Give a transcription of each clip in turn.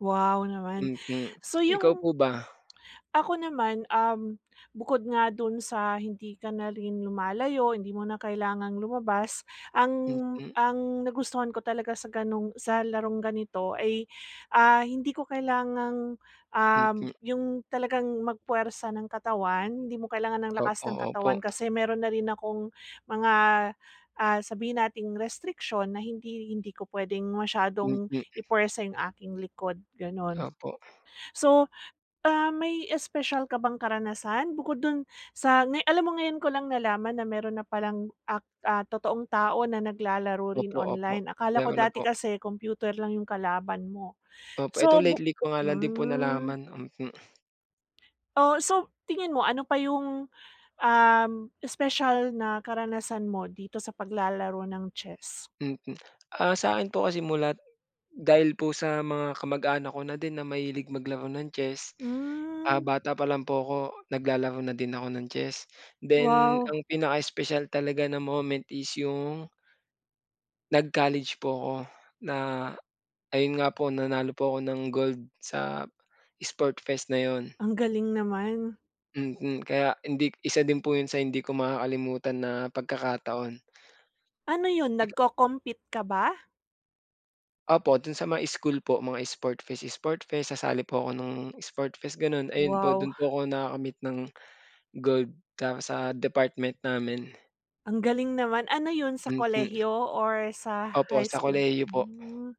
Wow naman. Mhm. So, ikaw 'yung po ba? ako naman, um, bukod nga dun sa hindi ka na rin lumalayo, hindi mo na kailangang lumabas. Ang Mhm. ang nagustuhan ko talaga sa ganung sa larong ganito ay, ah, hindi ko kailangang, um, Mhm. 'yung talagang mag-puwersa ng katawan. Hindi mo kailangan ng lakas Opo, ng opo. katawan kasi meron na rin akong, mga, ah, sabihin nating restriction na hindi hindi ko puwedeng masyadong Mhm. ipuwersa 'yung aking likod, gano'n. Opo. So, ah, may espesyal ka bang karanasan, bukod dun sa ngay alam mo ngayon ko lang nalaman na meron na pa lang ak ah, totoong tao na naglalaro rin Opo, opo. online. Akala ko Meron na dati po. kasi kompyuter lang 'yung kalaban mo. Opo, ito So, bu lately ko nga lang din po hmm. nalaman, mhm. Oh, so tingin mo, ano pa 'yung, um, espesyal na karanasan mo dito sa paglalaro ng chess? Mhm. Ah, sa'kin po kasi mulat dahil po sa mga kamag-anak ko na din na mahilig maglaro ng chess, ah, Hmm. bata pa lang po ako, naglalaro na din ako ng chess. Then, Wow. ang pinaka-espesyal talaga na moment is 'yung nag-college po ako, na ayun nga po, nanalo po ako ng gold sa sport fest na 'yon. Ang galing naman. Mhm, kaya hindi isa din po 'yun sa hindi ko makakalimutan na pagkakataon. Ano 'yun, [unintelligible] nagko-compete ka ba? Opo, dun sa mga school po, mga sport fest-sport fest, sasali po ako ng sport fest gano'n. Ayun po, Wow. dun po ako nakakamit ng gold, tapos sa department namin. Ang galing naman. Ano 'yun sa Mhm. kolehiyo or sa Opo, high sa school? kolehiyo po. Hmm.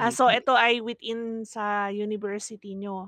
Ah, so eto ay within sa university niyo?